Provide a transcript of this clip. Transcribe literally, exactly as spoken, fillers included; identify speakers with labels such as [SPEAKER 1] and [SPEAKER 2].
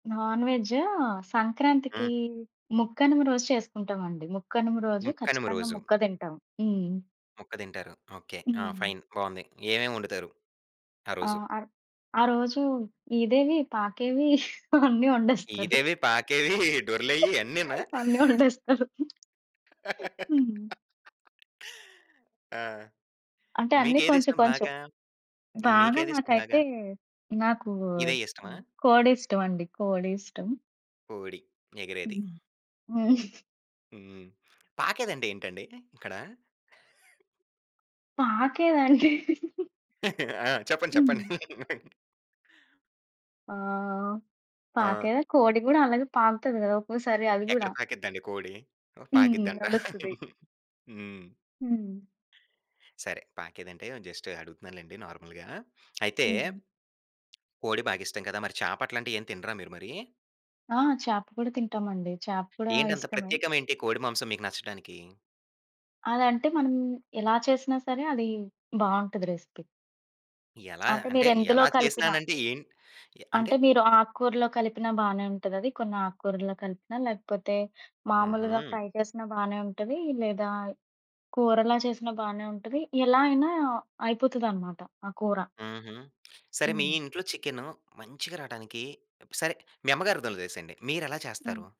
[SPEAKER 1] నాన్‌వెజ్జూ, సంక్రాంతికీ
[SPEAKER 2] హ్మ్.
[SPEAKER 1] ముక్కనుమ రోజు చేస్కుంటామండి. ముక్కనుమ రోజు,
[SPEAKER 2] ముక్కనుమ
[SPEAKER 1] ఖచ్చితంగా
[SPEAKER 2] రోజు.
[SPEAKER 1] ముక్క తింటాం. హ్మ్.
[SPEAKER 2] ముక్క దింటారు. ఓకే. ఆ!
[SPEAKER 1] హ్మ్.
[SPEAKER 2] ఫైన్ బావుంది. ఏమేం వండుతారు?
[SPEAKER 1] ఆ!
[SPEAKER 2] ఆరోజు.
[SPEAKER 1] ఆరో ఆరోజు ఈదేవి, పాకేవి అన్నీ వండేస్తారు.
[SPEAKER 2] ఈదేవి, పాకేవీ, డొర్లేయి అన్నీనా?
[SPEAKER 1] అన్ని వండేస్తరు. హ్మ్.
[SPEAKER 2] ఆ!
[SPEAKER 1] అంటే, అన్నీ కొంచెం
[SPEAKER 2] మీకేదిష్టం
[SPEAKER 1] కొంచెం.
[SPEAKER 2] బాగా. ఈ
[SPEAKER 1] బాగా
[SPEAKER 2] మీకేదిష్టం
[SPEAKER 1] నాకైతే,
[SPEAKER 2] బాగా.
[SPEAKER 1] నాకూ
[SPEAKER 2] ఇదే ఇష్టమా?
[SPEAKER 1] ఆహ్, కోడిష్టమండి కోడి ఇష్టం.
[SPEAKER 2] కోడి. ఎగిరేది.
[SPEAKER 1] హ్మ్. హ్మ్.
[SPEAKER 2] హ్మ్. పాకేదండేంటండీ ఇక్కడా?
[SPEAKER 1] పాకేదండి.
[SPEAKER 2] ఆ! చెప్పండి. చెప్పండి.
[SPEAKER 1] హ్మ్. ఆ!
[SPEAKER 2] ఆ!
[SPEAKER 1] పాకేదా, కోడి గూడా అలగే పాకుతది గదా! ఒక్కోసారి అది
[SPEAKER 2] ఎక్కడ
[SPEAKER 1] గూడా.
[SPEAKER 2] పాకిద్దండి కోడి? ఓహ్,
[SPEAKER 1] హ్మ్.
[SPEAKER 2] పాకిద్దంట.
[SPEAKER 1] నడుస్తది.
[SPEAKER 2] హ్మ్.
[SPEAKER 1] హ్మ్.
[SPEAKER 2] సరే. పాకేదంటే, జస్టు అడుగుతున్నా లేండి నార్మల్‌గా. అయితే.
[SPEAKER 1] హ్మ్.
[SPEAKER 2] కోడి బాగిష్టం కదా! మరి చాపట్లాంటియ్యేం తినరా మీరు మరీ?
[SPEAKER 1] ఆ! చాప కూడా తింటామండి. చాప కూడా
[SPEAKER 2] ఏంటంత
[SPEAKER 1] ఇష్టమే.
[SPEAKER 2] ప్రత్యేకమేంటి కోడి మాంసం మీకు నచ్చడానికీ?
[SPEAKER 1] అదంటే మనం, ఎలా చేసినా సరే, అది బావుంటది రెసిపీ.
[SPEAKER 2] ఎలా?
[SPEAKER 1] అంటే,
[SPEAKER 2] అంటే,
[SPEAKER 1] మీరెందులో
[SPEAKER 2] ఎలా
[SPEAKER 1] కలిపినా.
[SPEAKER 2] చేసినానంటే ఏంటి? ఎ అంటే.
[SPEAKER 1] అంటే, మీరు ఆక్కూరలో కలిపినా బానే ఉంటదది. కొన్నాక్కూరల్లో కలిపినా, లేకపోతే, మాములుగా
[SPEAKER 2] హుహు.
[SPEAKER 1] ఫ్రై చేసినా బానే ఉంటదీ, లేదా కూరలా చేసిన బానే ఉంటది, ఎలా అయినా అయిపోతదన్నమాట. ఆ కూర.
[SPEAKER 2] హుహు. సరే, మీ
[SPEAKER 1] హ్మ్.
[SPEAKER 2] ఇంట్లో చికెను మంచిగా రాటానికీ సరే, మీ అమ్మగారిదొలిదేసేయండి. మీరెలా
[SPEAKER 1] హ్మ్.
[SPEAKER 2] చేస్తారు?